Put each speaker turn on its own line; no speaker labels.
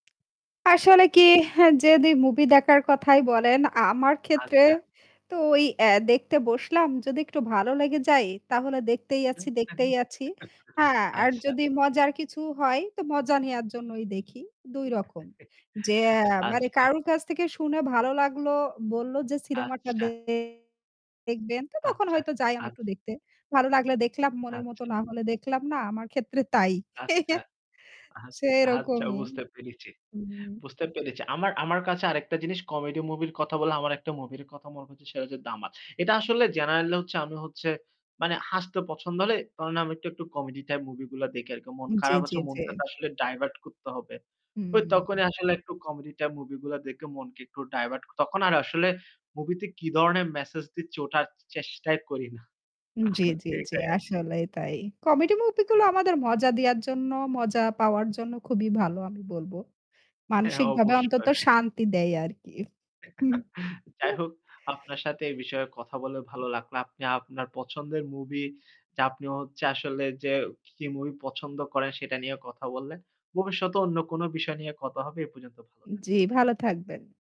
আসলে কি, হ্যাঁ, যদি movie দেখার কথাই বলেন আমার ক্ষেত্রে
আচ্ছা।
তো ওই, অ্যা দেখতে বসলাম যদি একটু ভালো লেগে যায় তাহলে দেখতেই আছি, দেখতেই আছি। হ্যাঁ, আর
আচ্ছা।
যদি মজার কিছু হয় তো মজা নেয়ার জন্যই দেখি। ২ রকম, যে, মানে
আচ্ছা।
কারো কাছ থেকে শুনে ভালো লাগলো, বলল যে cinema টা
আচ্ছা।
দে দেখবেন তো তখন
আচ্ছা
হয়তো যাই আমি
আচ
একটু দেখতে। ভালো লাগলে দেখলাম, মনের মত
আচ্ছা।
না হলে দেখলাম না। আমার ক্ষেত্রে তাই।
আচ্ছা।
সেই
আচ্ছা, আচ্ছা
রকমই।
বুঝতে পেরেছি, বুঝতে পেরেছি। আমার আমার কাছে আরেকটা জিনিস comedy movie র কথা বলে আমার একটা movie র কথা মনে হচ্ছে সেটা হচ্ছে 'দামাল'। এটা আসলে generally হচ্ছে আমি হচ্ছে মানে হাসতে পছন্দ হলে [unintelligible] আমি একটু, একটু comedy type movie গুলা দেখি আরকি। মন
উম জি,
খারাপ
জি,
আছে,
জি।
মনটাকে আসলে divert করতে হবে। ওই
হুম।
তখনই আসলে একটু comedy type movie গুলা দেখে মনকে একটু divert তখন আর আসলে movie তে কি ধরনের message দিচ্ছে ওটা আর চেষ্টাই করি না।
জি, জি, জি।
সেটাই আর কি।
আসলে তাই। Comedy movie গুলো আমাদের মজা দেয়ার জন্য, মজা পাওয়ার জন্য খুবই ভালো আমি বলব।
হ্যাঁ,
মানসিকভাবে অন্তত
অবশ্যই।
শান্তি দেয় আর কি। হু, হু।
যাই হোক, আপনার সাথে এই বিষয়ে কথা বলে ভালো লাগলো। আপনি আপনার পছন্দের movie, যে আপনি হচ্ছে আসলে যে কি movie পছন্দ করেন সেটা নিয়ে কথা বললেন। ভবিষ্যতে অন্য কোন বিষয় নিয়ে কথা হবে এ পর্যন্ত ভালো থাক
জি, ভালো থাকবেন।